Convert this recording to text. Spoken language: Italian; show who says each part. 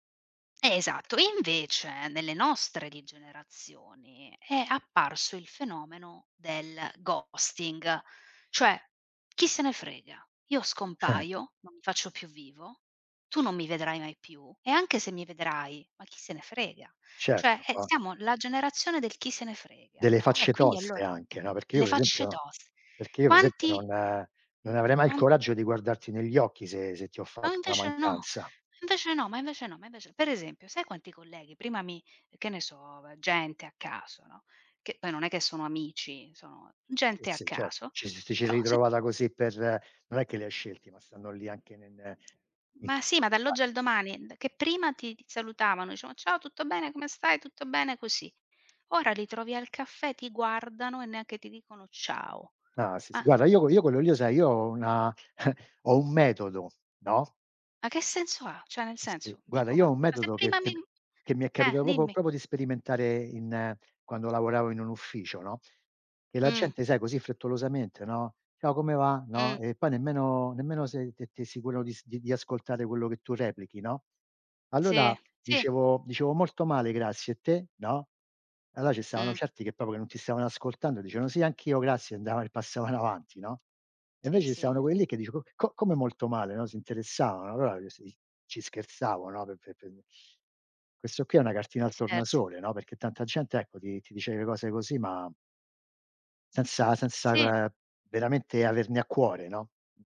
Speaker 1: Eh, esatto. E invece nelle nostre di generazioni è apparso il fenomeno del ghosting. Cioè: “Chi se ne frega, io scompaio, non mi faccio più vivo, tu non mi vedrai mai più e anche se mi vedrai, ma chi se ne frega”. Cioè,
Speaker 2: Certo,
Speaker 1: eh
Speaker 2: o
Speaker 1: siamo la generazione del chi se ne frega,
Speaker 2: Delle
Speaker 1: no, e
Speaker 2: facce
Speaker 1: quindi
Speaker 2: toste
Speaker 1: allora
Speaker 2: anche, no, perché io
Speaker 1: le
Speaker 2: per
Speaker 1: facce
Speaker 2: esempio
Speaker 1: tos
Speaker 2: perché io per esempio
Speaker 1: Quanti
Speaker 2: non non avrei mai il
Speaker 1: quan
Speaker 2: coraggio di guardarti negli occhi se se ti ho
Speaker 1: A
Speaker 2: fatto una
Speaker 1: invece no,
Speaker 2: mancanza.
Speaker 1: invece no, ma invece no, ma invece per esempio sai quanti colleghi prima mi che ne so v gente a caso, no, che poi non è che sono amici, sono
Speaker 2: Sì,
Speaker 1: gente a
Speaker 2: sì certo,
Speaker 1: caso,
Speaker 2: ci si ti ci sei è
Speaker 1: però se t
Speaker 2: ritrovata così per non è che li hai scelti, ma stanno lì anche n ne
Speaker 1: Ma sì, ma dall'oggi
Speaker 2: [unintelligible]
Speaker 1: al domani, d che prima ti ti salutavano, dicevano: "Ciao, tutto bene, come stai, tutto bene", così. Ora li trovi al caffè, ti guardano e neanche ti dicono: "Ciao",
Speaker 2: Ah sì, sì
Speaker 1: ma
Speaker 2: guarda, io qu io quello lì lo sai, io ho una ho un metodo, no?
Speaker 1: Ma che senso ha? Cioè nel
Speaker 2: Sì, sì,
Speaker 1: senso,
Speaker 2: guarda,
Speaker 1: dico ma
Speaker 2: io ho un
Speaker 1: ma se
Speaker 2: metodo che
Speaker 1: prima mi
Speaker 2: che che mi è
Speaker 1: eh,
Speaker 2: capitato proprio-
Speaker 1: dimmi.
Speaker 2: proprio di sperimentare in quando lavoravo in un ufficio, no, che la
Speaker 1: Mh.
Speaker 2: gente, sai, così frettolosamente, no: “Ciao, come va?” No,
Speaker 1: Mh.
Speaker 2: e poi nemmeno nemmeno sei t t sicuro di di ascoltare quello che tu replichi, no. Allora
Speaker 1: Sì, sì.
Speaker 2: dicevo dicevo: “Molto male, grazie. E te?” No, allora ci stavano
Speaker 1: Mh.
Speaker 2: certi che proprio che non ti stavano ascoltando, dicevano: "Sì, anch'io, grazie", andavano e passavano avanti, no, e
Speaker 1: Sì,
Speaker 2: invece ci
Speaker 1: sì.
Speaker 2: stavano quelli che diceva “Co co come molto male?” No, si interessavano, allora si ci scherzavano, no, per per per questo qui è una cartina al
Speaker 1: Cert
Speaker 2: tornasole, no, perché tanta gente, ecco, ti ti dice le cose così, ma senza senza
Speaker 1: Sì.
Speaker 2: la uhm, veramente averne a cuore, no? [unintelligible]